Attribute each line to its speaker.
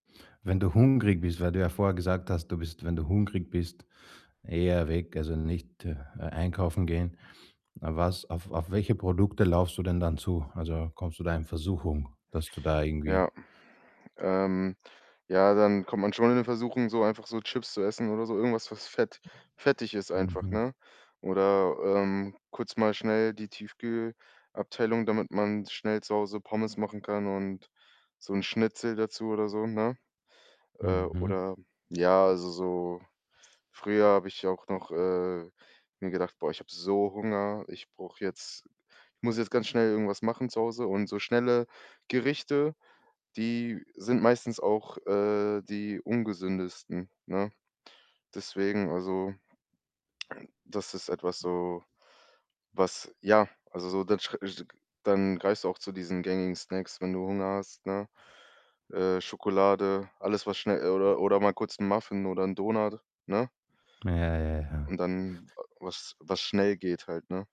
Speaker 1: Wenn du hungrig bist weil du ja vorher gesagt hast, du bist, wenn du hungrig bist, eher weg, also, nicht einkaufen gehen. Was auf auf welche Produkte läufst du denn dann zu? Also, kommst du da in Versuchung, dass du da irgendwie
Speaker 2: Ja. Ähm. Ja, dann kommt man schon in Versuchung so einfach so Chips zu essen, oder so. Irgendwas, was fett fettig ist einfach,
Speaker 1: Mhm.
Speaker 2: ne? Oder, ähm, kurz mal schnell die Tiefkühlabteilung, damit man schnell zu Hause Pommes machen kann, und so 'n Schnitzel dazu oder so, ne? Äh,
Speaker 1: Mhm.
Speaker 2: oder ja, also, so früher habe ich auch noch, äh, mir gedacht: „Boah, ich habe so Hunger, ich brauche jetzt ich muss jetzt ganz schnell irgendwas machen zu Hause.“ Und so schnelle Gerichte, die sind meistens auch, äh, die ungesündesten, ne? Deswegen also das ist etwa so, was ja, also, dann [unintelligible] greifst du auch zu diesen gängigen Snacks, wenn du Hunger hast, ne? Äh, Schokolade, alles was schnell oder oder mal kurz 'n Muffin oder 'n Donut, ne?
Speaker 1: Ja, ja, ja.
Speaker 2: Und dann, was was schnell geht halt, ne?